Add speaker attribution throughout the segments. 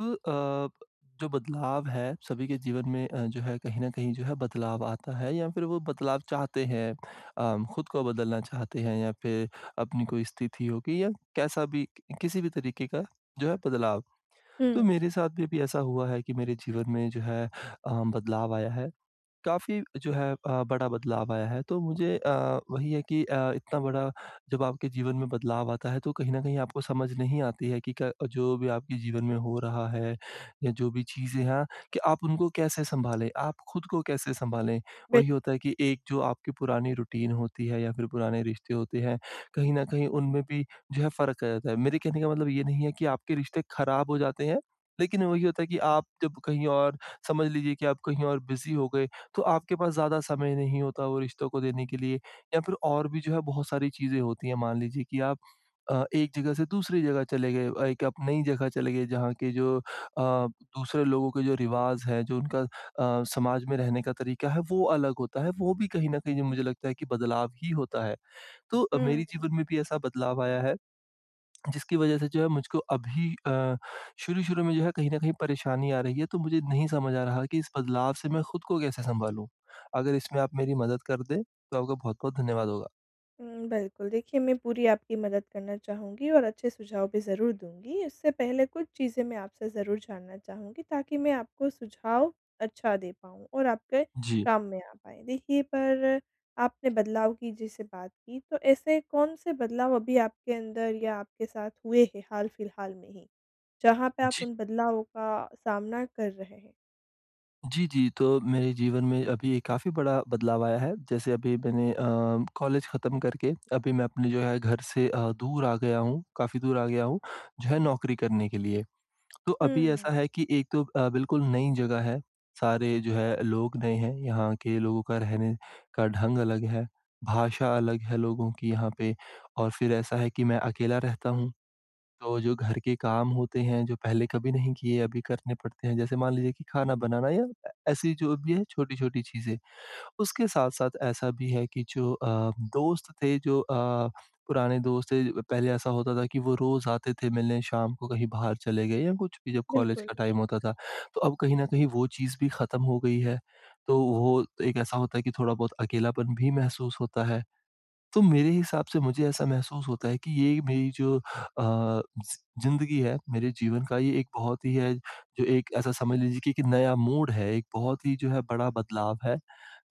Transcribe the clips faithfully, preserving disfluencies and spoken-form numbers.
Speaker 1: अ, अब जो बदलाव है सभी के जीवन में अ, जो है कहीं न कहीं जो है बदलाव आता है या फिर वो बदलाव चाहते हैं, अ, खुद को बदलना चाहते हैं या फिर अपनी कोई स्थिति होगी या कैसा भी किसी भी तरीके का जो है बदलाव। तो
Speaker 2: हुँ।
Speaker 1: मेरे साथ भी अभी ऐसा हुआ है कि मेरे जीवन में जो है अ, बदलाव आया है। काफ़ी जो है अ, बड़ा बदलाव आया है, तो मुझे अ, वही है कि अ, इतना बड़ा जब आपके जीवन में बदलाव आता है, तो कहीं न कहीं आपको समझ नहीं आती है कि क जो भी आपके जीवन में हो रहा है या जो भी चीज़ें हैं कि आप उनको कैसे सँभालें, आप खुद को कैसे सँभालें?
Speaker 2: बिल
Speaker 1: वही होता है कि एक जो आपकी पुरानी रूटीन होती है या फिर पुराने रिश्ते होते हैं, कहीं न कहीं उनमें भी जो है फ़र्क आ जाता है। मेरे कहने का मतलब ये नहीं है कि आपके रिश्ते खराब हो जाते हैं, लेकिन वही होता है कि आप जब कहीं और समझ लीजिए कि आप कहीं और बिज़ी हो गए, तो आपके पास ज़्यादा समय नहीं होता वो रिश्तों को देने के लिए या फिर और भी जो है बहुत सारी चीज़ें होती हैं। मान लीजिए कि आप अ, एक जगह से दूसरे जगह चले गए और एक आप नई जगह चले गए जहाँ के जो अ, दूसरे लोगों के जो रिवाज़ हैं जो उनका अ, समाज में रहने का तरीका है, वो अलग होता है, वो भी कहीं न कहीं ज मुझे लगता है कि बदलाव ही होता है। तो,
Speaker 2: हुँ।
Speaker 1: मेरे जीवन में भी ऐसा बदलाव आया है, जिसकी वजह से जो है मुझको अभी अ, शुरू-शुरू में जो है कहीं न कहीं परेशानी आ रही है। तो मुझे नहीं समझ आ रहा कि इस बदलाव से मैं खुद को कैसे सँभालूँ? अगर इसमें आप मेरी मदद कर दें, तो आपका बहुत-बहुत धन्यवाद होगा।
Speaker 2: हुँ, बिल्कुल, देखिए मैं पूरी आपकी मदद करना चाहूँगी और अच्छे सुझाव भी ज़रूर दूँगी। उससे पहले कुछ चीज़ें मैं आपसे ज़रूर जानना चाहूँगी ताकि मैं आपको सुझाव अच्छा दे पाऊँ और आपके
Speaker 1: जी।
Speaker 2: काम में आ पाएँ। देखिए, पर आपने बदलाव की जैसे बात की, तो ऐसे कौन-से बदलाव अभी आपके अंदर या आपके साथ हुए हैं, हाल-फिलहाल में ही, जहाँ पे आप
Speaker 1: जी।
Speaker 2: उन बदलावों का सामना कर रहे हैं?
Speaker 1: जी, जी। तो मेरे जीवन में अभी एक काफ़ी बड़ा बदलाव आया है, जैसे अभी मैंने अ, कॉलेज ख़त्म करके, अभी मैं अपने जो है घर से अ, दूर आ गया हूँ, काफ़ी दूर आ गया हूँ, जो है नौकरी करने के लिए। तो अभी ऐसा
Speaker 2: हुँ।
Speaker 1: है कि एक तो अ, बिल्कुल नई जगह है, सारे जो है लोग नए हैं, यहाँ के लोगों का रहने का ढंग अलग है, भाषा अलग है लोगों की यहाँ पे और फिर ऐसा है कि मैं अकेला रहता हूँ। तो जो घर के काम होते हैं, जो पहले कभी नहीं किए, अभी करने पड़ते हैं, जैसे, मान लीजिए कि खाना बनाना या अ, ऐसी जो भी है छोटी-छोटी चीज़ें। उसके साथ-साथ ऐसा भी है कि जो अ, दोस्त थे जो अ, पुराने दोस्त थे, पहले ऐसा होता था कि वो रोज़ आते थे मिलने शाम को कहीं बाहर चले गए या कुछ भी जब कॉलेज
Speaker 2: बिल्कुल।
Speaker 1: का टाइम होता था, तो अब कहीं न कहीं वो चीज़ भी ख़त्म हो गई है, तो वो एक ऐसा होता है कि थोड़ा बहुत अकेलापन भी महसूस होता है। तो मेरे हिसाब से मुझे ऐसा महसूस होता है कि ये मेरी जो अ, ज़ि ज़िंदगी है मेरे जीवन का ये एक बहुत ही है, जो एक ऐसा समझ लीजिए कि एक नया मोड़ है, एक बहुत ही जो है बड़ा बदलाव है,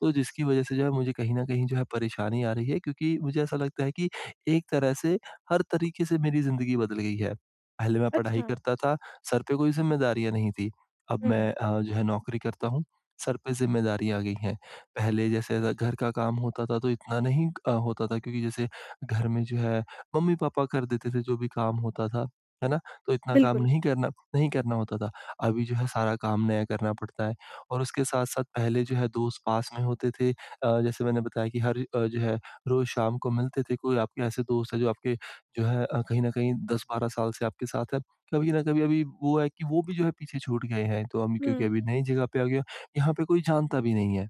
Speaker 1: तो जिसकी वजह से जो है मुझे कहीं न कहीं जो है परेशानी आ रही है, क्योंकि मुझे ऐसा लगता है कि एक तरह से हर तरीके से मेरी ज़िंदगी बदल गई है। पहले मैं पढ़ाई
Speaker 2: अच्छा।
Speaker 1: करता था, सर पे कोई ज़िम्मेदारियाँ नहीं थी, अब मैं
Speaker 2: हुँ।
Speaker 1: अ, जो है नौकरी करता हूँ, सर पे ज़िम्मेदारी आ गई हैं। पहले जैसे अगर घर का काम होता था, तो इतना नहीं अ, होता था क्योंकि जैसे घर में जो है मम्मी-पापा कर देते थे जो भी काम होता था, है ना? तो इतना काम
Speaker 2: बिल्कुल।
Speaker 1: नहीं करना नहीं करना होता था। अभी जो है सारा काम नया करना पड़ता है और उसके साथ-साथ पहले जो है दोस्त पास में होते थे अ, जैसे मैंने बताया कि हर अ, जो है रोज़ शाम को मिलते थे, कोई आपके ऐसे दोस्त है जो आपके जो है कहीं न कहीं दस बारह साल से आपके साथ है, कभी न कभी अभी वो है कि वो भी जो है पीछे छूट गए हैं। तो अमी
Speaker 2: हुँ,
Speaker 1: क्योंकि अभी
Speaker 2: हुँ।
Speaker 1: नई जगह पे आ गया, यहाँ पे कोई जानता भी नहीं है।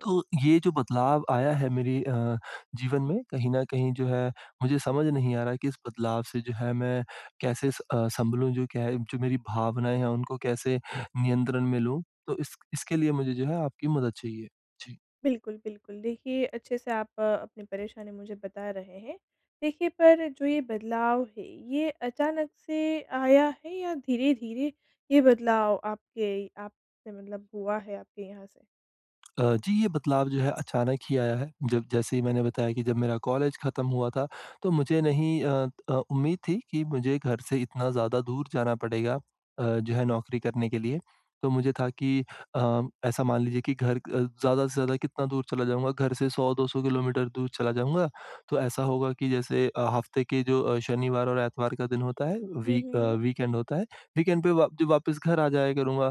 Speaker 1: तो, ये जो बदलाव आया है मेरी अ, जीवन में कहीं न कहीं जो है, मुझे समझ नहीं आ रहा है कि इस बदलाव से जो है मैं कैसे अ, सँभलूँ जो क्या है? जो मेरी भावनाएँ हैं उनको कैसे नियंत्रण में लूँ, तो इस इसके लिए मुझे जो है आपकी मदद चाहिए। जी।
Speaker 2: बिल्कुल, बिल्कुल देखिए अच्छे से आप अपनी परेशानी मुझे बता रहे हैं। देखिए पर जो ये बदलाव है ये अचानक से आया है या धीरे-धीरे ये बदलाव आपके आपसे मतलब हुआ है आपके यहाँ से?
Speaker 1: अ, जी ये बदलाव जो है अचानक ही आया है। जब जैसे ही मैंने बताया कि जब मेरा कॉलेज खत्म हुआ था, तो मुझे नहीं अ अ, उम्मीद थी कि मुझे घर से इतना ज़्यादा दूर जाना पड़ेगा अ, जो है नौकरी करने के लिए। तो मुझे था कि अ, ऐसा मान लीजिए कि घर अ, ज़्यादा से ज़्यादा कितना दूर चला जाऊँगा? घर से सौ दो सौ किलोमीटर दूर चला जाऊँगा, तो ऐसा होगा कि जैसे अ, हफ्ते के जो अ, शनिवार और इतवार का दिन होता है
Speaker 2: हुँ,
Speaker 1: वीक
Speaker 2: हुँ,
Speaker 1: अ,
Speaker 2: हुँ।
Speaker 1: वीकेंड होता है। वीकेंड पे वा जब वापस घर आ जाया करूँगा।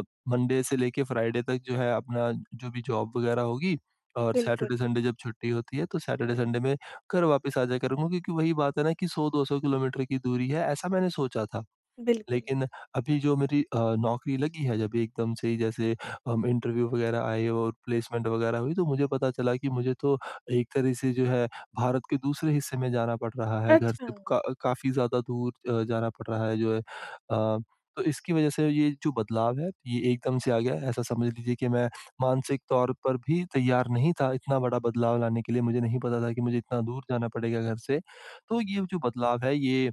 Speaker 1: अ, मंडे से लेके फ्राइडे तक जो है अपना जो भी जॉब वगैरह होगी और
Speaker 2: बिल्कुल।
Speaker 1: सैटरडे, संडे जब छुट्टी होती है तो सैटरडे, संडे में घर वापिस आ जाया करूँगा। क्योंकि वही बात है ना कि, सौ दो सौ किलोमीटर की दूरी है ऐसा मैंने सोचा था।
Speaker 2: बिल्कुल।
Speaker 1: लेकिन अभी जो मेरी अ, नौकरी लगी है जब एकदम से जैसे अम इंटरव्यू वगैरह आए और प्लेसमेंट वगैरह हुई तो मुझे पता चला कि, मुझे तो एक तरह से जो है भारत के दूसरे हिस्से में जाना पड़ रहा है घर से
Speaker 2: अच्छा।
Speaker 1: क अ काफ़ी ज़्यादा दूर जाना पड़ रहा है जो है। अ, तो इसकी वजह से ये जो बदलाव है, ये एकदम से आ गया ऐसा समझ लीजिए कि मैं मानसिक तौर पर भी तैयार नहीं था इतना बड़ा बदलाव लाने के लिए, मुझे नहीं पता था कि मुझे इतना दूर जाना पड़ेगा घर से, तो ये जो बदलाव है ये,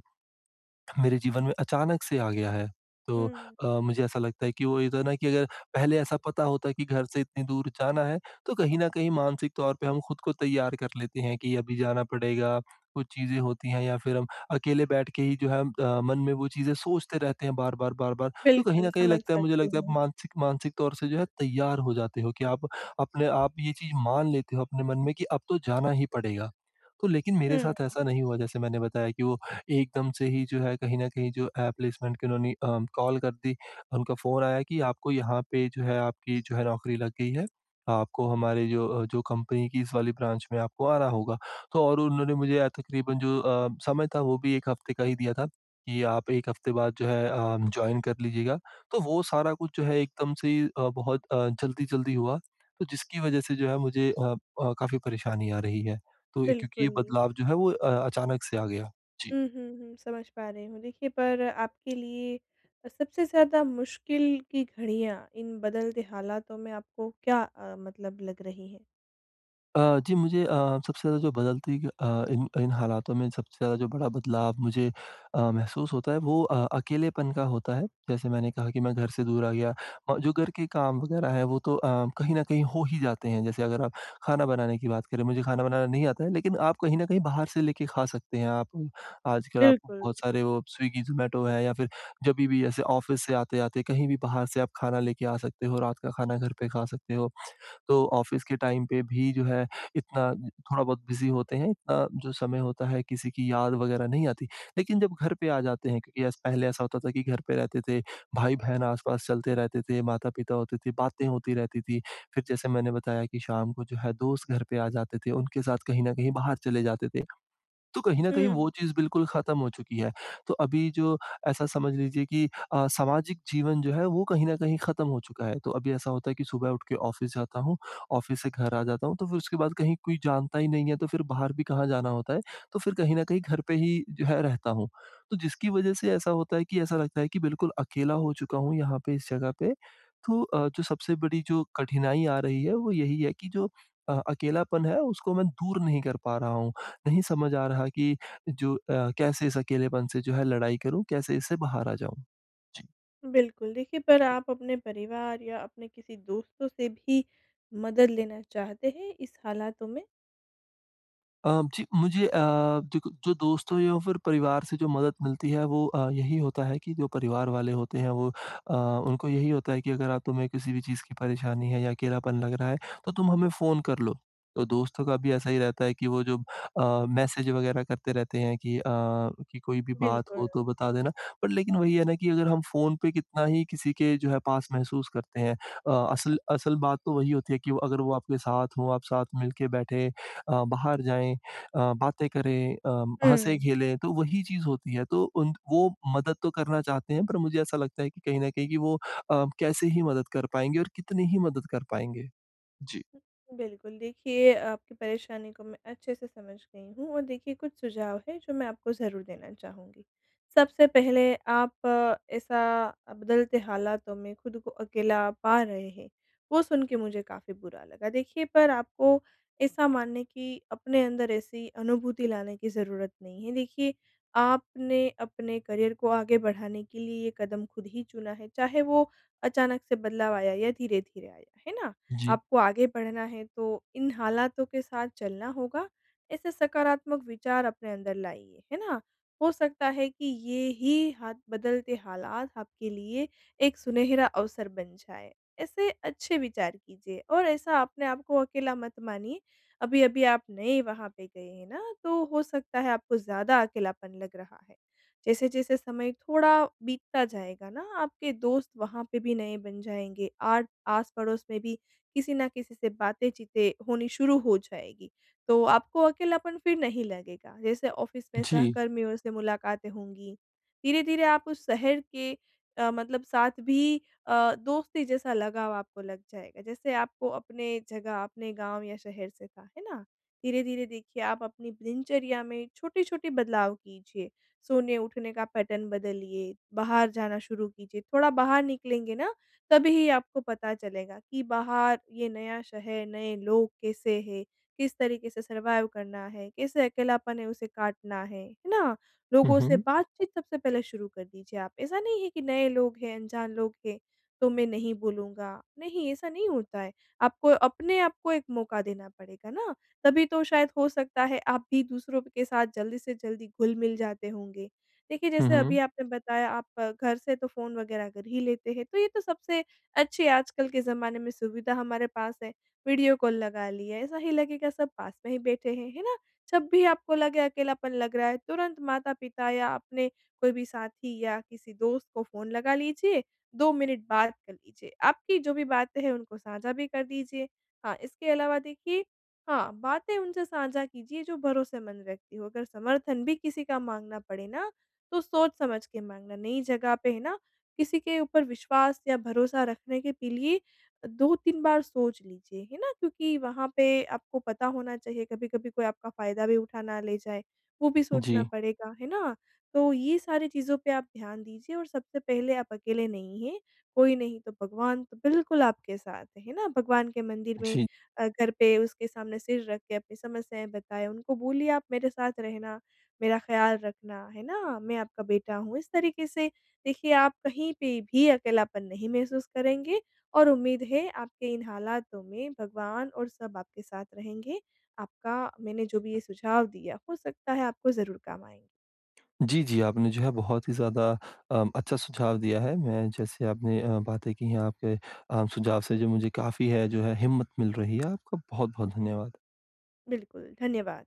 Speaker 1: मेरे जीवन में अचानक से आ गया है। तो
Speaker 2: हुँ।
Speaker 1: अ, मुझे ऐसा लगता है कि वो ये तो है ना कि अगर पहले, ऐसा पता होता है कि घर से इतनी दूर जाना है तो कहीं न कहीं मानसिक तौर पर हम खुद को तैयार कर लेते हैं कि, अभी जाना पड़ेगा कुछ चीज़ें होती हैं या फिर हम अकेले बैठ के ही जो है अ, मन में वो चीज़ें सोचते रहते हैं बार-बार बार-बार तो कहीं
Speaker 2: बिल्कुल,
Speaker 1: न कहीं
Speaker 2: समझ
Speaker 1: लगता है मुझे
Speaker 2: सकती
Speaker 1: लगता है आप
Speaker 2: हूँ।
Speaker 1: मानसिक, मानसिक तौर से जो है तैयार हो जाते हो, कि आप अपने आप ये चीज़ मान लेते हो अपने मन में कि अब तो जाना ही पड़ेगा। तो लेकिन मेरे
Speaker 2: हुँ।
Speaker 1: साथ ऐसा नहीं हुआ जैसे मैंने बताया कि वो एकदम से ही जो है कहीं न कहीं जो अ, प्लेसमेंट के उन्होंने अ, कॉल कर दी। उनका फ़ोन आया कि आपको यहाँ पे जो है आपकी जो है नौकरी लग गई है। आपको हमारे जो जो कंपनी की इस वाली ब्रांच में आपको आ रहा होगा। तो और उन्होंने मुझे तकरीबन जो अ, समय था वो भी एक हफ्ते का ही दिया था, कि आप एक हफ्ते बाद जो है अ, जॉइन कर लीजिएगा। तो वो सारा कुछ जो है एकदम से अ, बहुत अ, जल्दी-जल्दी हुआ तो जिसकी वजह से जो है मुझे अ अ काफ़ी परेशानी आ रही है। तो क्योंकि ये
Speaker 2: बिल्कुल।
Speaker 1: बदलाव जो है वो अ, अचानक से आ गया। जी।
Speaker 2: हुँ, हुँ, हुँ समझ पा रही हूँ। देखिए पर आपके लिए सबसे ज़्यादा मुश्किल की घड़ियाँ इन बदलते हालातों में आपको क्या अ, मतलब लग रही हैं?
Speaker 1: अ, जी। मुझे अ, सबसे ज़्यादा जो बदलती अ, इन इन हालातों में सबसे ज़्यादा जो बड़ा बदलाव मुझे अ, महसूस होता है वो अ, अकेलेपन का होता है। जैसे मैंने कहा कि मैं घर से दूर आ गया और जो घर के काम वग़ैरह है वो तो अ, कहीं न कहीं हो ही जाते हैं, जैसे अगर आप खाना बनाने की बात करें, मुझे खाना बनाना नहीं आता है लेकिन आप कहीं न कहीं बाहर से लेके खा सकते हैं आप। आजकल आप
Speaker 2: बिल्कुल।
Speaker 1: बहुत सारे वो स्विगी ज़ोमैटो है या फिर जभी भी ऐसे ऑफ़िस से आते-आते कहीं भी बाहर से आप खाना लेके आ सकते हो रात का खाना घर पे खा सकते हो। तो ऑफ़िस के टाइम पे भी जो है इतना थोड़ा-बहुत बिज़ी होते हैं अ, जो समय होता है किसी की याद वग़ैरह नहीं आती। लेकिन जब घर पे आ जाते हैं क्योंकि एस पहले ऐसा होता था कि घर पे रहते थे, भाई-बहन आस-पास चलते रहते थे, माता-पिता होते थे, बातें होती रहती थी, फिर जैसे मैंने बताया कि शाम को जो है दोस्त घर पे आ जाते थे, उनके साथ कहीं न कहीं बाहर चले जाते थे। तो कहीं न कहीं वो
Speaker 2: हुँ।
Speaker 1: चीज़ बिल्कुल ख़त्म हो चुकी है। तो अभी जो ऐसा समझ लीजिए कि अ, सामाजिक जीवन जो है वो कहीं न कहीं ख़त्म हो चुका है। तो अभी ऐसा होता है कि सुबह उठ के ऑफ़िस जाता हूँ, ऑफ़िस से घर आ जाता हूँ, तो फिर उसके बाद कहीं कोई जानता ही नहीं है तो फिर बाहर भी कहाँ जाना होता है? तो फिर कहीं न कहीं घर पे ही जो है रहता हूँ। तो जिसकी वज़ह से ऐसा होता है कि ऐसा लगता है कि बिल्कुल अकेला हो चुका हूँ यहाँ पे इस जगह पे। तो अ, जो सबसे बड़ी जो कठिनाई आ रही है वो यही है कि जो अ, अकेलापन है उसको मैं दूर नहीं कर पा रहा हूँ, नहीं समझ आ रहा कि जो अ, कैसे इस अकेलेपन से जो है लड़ाई करूँ, कैसे इससे बाहर आ जाऊँ? जी।
Speaker 2: बिल्कुल, देखिए पर आप अपने परिवार या अपने किसी दोस्तों से भी मदद लेना चाहते हैं इस हालातों में?
Speaker 1: अ, जी। मुझे अ, देखो जो दोस्त हो या फिर परिवार से जो मदद मिलती है वो अ, यही होता है कि जो परिवार वाले होते हैं वो अ, उनको यही होता है कि अगर अब तुम्हें किसी भी चीज़ की परेशानी है या अकेलापन लग रहा है तो तुम हमें फ़ोन कर लो। तो दोस्तों का भी ऐसा ही रहता है कि वो जो अ, मैसेज़ वग़ैरह करते रहते हैं कि अ, कि कोई भी बात
Speaker 2: बिल्कुल।
Speaker 1: हो तो बता देना, पर लेकिन वही है ना कि अगर हम फ़ोन पे कितना ही किसी के जो है पास महसूस करते हैं। अ, असल असल बात तो वही होती है कि वो अगर वो आपके साथ हो आप साथ मिल के बैठें अ, बाहर जाएँ अ, बातें करें अ,
Speaker 2: हुँ।
Speaker 1: हँसे-खेलें तो वही चीज़ होती है, तो उन वो मदद तो करना चाहते हैं पर मुझे ऐसा लगता है कि कहीं न कहीं कि वो अ, कैसे ही मदद कर पाएँगे और कितनी ही मदद कर पाएँगे? जी।
Speaker 2: बिल्कुल देखिए आपकी परेशानी को मैं अच्छे से समझ गई हूँ और देखिए कुछ सुझाव है जो मैं आपको ज़रूर देना चाहूँगी। सबसे पहले आप ऐसा बदलते हालातों में ख़ुद को अकेला पा रहे हैं वो सुन के मुझे काफ़ी बुरा लगा। देखिए पर आपको ऐसा मानने की अपने अंदर ऐसी अनुभूति लाने की ज़रूरत नहीं है। देखिए आपने अपने करियर को आगे बढ़ाने के लिए ये कदम ख़ुद ही चुना है चाहे वो अचानक से बदलाव आया या धीरे-धीरे आया, है ना?
Speaker 1: जी।
Speaker 2: आपको आगे बढ़ना है तो इन हालातों के साथ चलना होगा, ऐसे सकारात्मक विचार अपने अंदर लाइए, है ना? हो सकता है कि ये ही हाथ बदलते हालात आपके लिए एक सुनहरा अवसर बन जाएँ। ऐसे अच्छे विचार कीजिए और ऐसा अपने आपको अकेला मत मानिए। अभी-अभी आप नए वहाँ पे गए हैं न तो हो सकता है आपको ज़्यादा अकेलापन लग रहा है। जैसे-जैसे समय थोड़ा बीतता जाएगा न आपके दोस्त वहाँ पे भी नए बन जाएँगे, आट आस-पड़ोस में भी किसी न किसी से बातें चीतें होनी शुरू हो जाएगी तो आपको अकेलापन फिर नहीं लगेगा। जैसे ऑफ़िस में
Speaker 1: जी।
Speaker 2: सहकर्मियों से मुलाकातें होंगी, धीरे-धीरे आप उस शहर के अ, मतलब साथ भी अ, दोस्ती जैसा लगाव आपको लग जाएगा, जैसे आपको अपने जगह अपने गाँव या शहर से था, है ना? धीरे-धीरे देखिए आप अपनी दिनचर्या में छोटी-छोटी बदलाव कीजिए। सोने-उठने का पैटर्न बदलिए बाहर जाना शुरू कीजिए। थोड़ा बाहर निकलेंगे न तभी आपको पता चलेगा कि बाहर ये नया शहर, नए लोग कैसे हैं? किस तरीक़े से सर्वाइव करना है? कैसे अकेलापन है उसे काटना है? है ना?
Speaker 1: हुँ,
Speaker 2: लोगों से
Speaker 1: हुँ।
Speaker 2: बातचीत सबसे पहले शुरू कर दीजिए आप। ऐसा नहीं है कि नए लोग हैं, अनजान लोग हैं तो मैं नहीं बोलूँगा, नहीं ऐसा नहीं होता है। आपको अपने आप को एक मौक़ा देना पड़ेगा न तभी तो शायद हो सकता है आप भी दूसरों के साथ जल्दी से जल्दी घुल-मिल जाते होंगे। देखिए
Speaker 1: हुँ,
Speaker 2: जैसे अभी
Speaker 1: हुँ।
Speaker 2: आपने बताया आप घर से तो फ़ोन वग़ैरह कर ही लेते हैं तो ये तो सबसे अच्छी आजकल के ज़माने में सुविधा हमारे पास है। वीडियो कॉल लगा लिया ऐसा ही लगेगा सब पास में ही बैठे हैं, है ना? जब भी आपको लगे अकेलापन लग रहा है तुरंत माता-पिता या अपने कोई भी साथी या किसी दोस्त को फ़ोन लगा लीजिए, दो मिनिट बात कर लीजिए। आपकी जो भी बातें हैं उनको साझा भी कर दीजिए। हाँ, इसके अलावा देखिए हाँ, बातें उनसे साझा कीजिए जो भरोसेमंद व्यक्ति हो, अगर समर्थन भी किसी का माँगना पड़े न तो सोच-समझ के माँगना। नई जगह पे है न किसी के ऊपर विश्वास या भरोसा रखने के पी लिए अ, दो तीन बार सोच लीजिए, है ना? क्योंकि वहाँ पे आपको पता होना चाहिए कभी-कभी कोई आपका फ़ायदा भी उठा ना ले जाए वो भी सोचना
Speaker 1: जी।
Speaker 2: पड़ेगा। है ना? तो ये सारी चीज़ों पे आप ध्यान दीजिए और सबसे पहले आप अकेले नहीं हैं कोई नहीं तो भगवान तो बिल्कुल आपके साथ, है न? भगवान के मंदिर में
Speaker 1: जी।
Speaker 2: अ, घर पे उसके सामने सिर रख के अपनी समस्याएँ बताएँ उनको बोलिए आप मेरे साथ रहना, मेरा ख़्याल रखना है ना, मैं आपका बेटा हूँ। इस तरीके से देखिए आप कहीं पे भी अकेलापन नहीं महसूस करेंगे और उम्मीद है आपके इन हालातों में भगवान और सब आपके साथ रहेंगे। आपका मैंने जो भी ये सुझाव दिया हो सकता है आपको ज़रूर काम आएँगे।
Speaker 1: जी, जी। आपने जो है बहुत ही ज़्यादा अ, अच्छा सुझाव दिया है। मैं जैसे आपने अ, बातें की हैं आपके अ, सुझाव से जो मुझे काफ़ी है जो है हिम्मत मिल रही है। आपका बहुत-बहुत धन्यवाद।
Speaker 2: बिल्कुल, धन्यवाद।